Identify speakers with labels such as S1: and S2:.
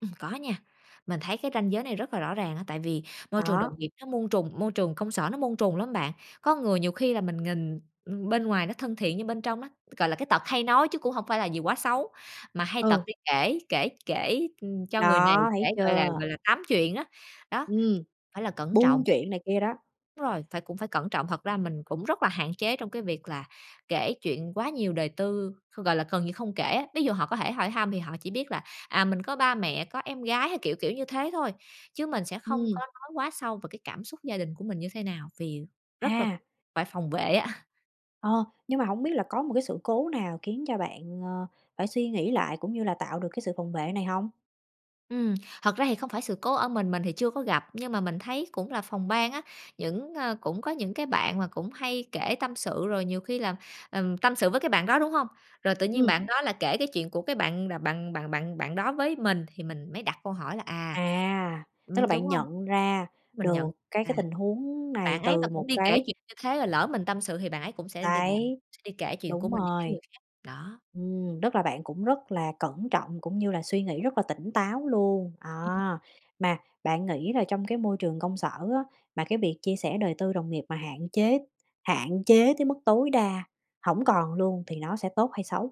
S1: Ừm, có nha, mình thấy cái ranh giới này rất là rõ ràng á, tại vì môi trường đồng
S2: Đó.
S1: nghiệp nó muôn trùng môi trường công sở nó muôn trùng lắm bạn. Có người nhiều khi là mình nghìn, ừm, bên ngoài nó thân thiện nhưng bên trong á, gọi là, cái tật hay nói chứ cũng hông phải là gì quá xấu, mà hay tật
S2: Ừ.
S1: đi kể kể kể, ừm, cho người này,
S2: Đó,
S1: kể,
S2: thấy
S1: gọi là,
S2: chưa?
S1: gọi là, tám chuyện á, đó,
S2: Ừm,
S1: phải là cẩn trọng.
S2: buôn chuyện này kia đó.
S1: Đúng rồi, phải cũng phải cẩn trọng, thật ra mình cũng rất là hạn chế trong cái việc là kể chuyện quá nhiều đời tư, gọi là, gần như không kể á, ví dụ họ có thể hỏi thăm thì họ chỉ biết là, à, mình có ba mẹ, có em gái hay, kiểu, kiểu, như thế thôi, chứ mình sẽ không có
S2: Ừm.
S1: nói quá sâu vào cái cảm xúc gia đình của mình như thế nào, vì rất là
S2: À.
S1: phải phòng vệ á.
S2: Ờ, nhưng mà hổng biết là có một cái sự cố nào khiến cho bạn, ờ, phải suy nghĩ lại cũng như là tạo được cái sự phòng vệ này hông?
S1: Ừm, thật ra thì không phải sự cố ở mình, mình thì chưa có gặp, nhưng mà mình thấy cũng là phòng ban á, những, ơ cũng có những cái bạn mà cũng hay kể tâm sự rồi nhiều khi là, ừm, tâm sự với cái bạn đó, đúng hông? Rồi tự nhiên
S2: Ừm.
S1: bạn đó là kể cái chuyện của cái bạn bạn bạn bạn bạn đó với mình thì mình mới đặt câu hỏi là à,
S2: À, tức là
S1: ừm, đúng
S2: bạn
S1: hông?
S2: nhận ra
S1: Mình nhận
S2: được
S1: thấy
S2: cái cái
S1: là, à,
S2: tình huống này
S1: bạn ấy mà
S2: từ
S1: cũng
S2: một
S1: đi kể
S2: cái
S1: chuyện như thế rồi lỡ mình tâm sự thì bạn ấy cũng sẽ đ bạn sẽ đi bàn,
S2: Đấy,
S1: đi kể chuyện của
S2: đúng
S1: mình với cái
S2: rồi.
S1: người khác, đó.
S2: Ừm, tức là bạn cũng rất là cẩn trọng cũng như là suy nghĩ rất là tỉnh táo luôn.
S1: Ừm.
S2: À, mà bạn nghĩ là trong cái môi trường công sở á, mà cái việc chia sẻ đời tư đồng nghiệp mà hạn chế hạn chế tới mức tối đa hổng còn luôn thì nó sẽ tốt hay xấu?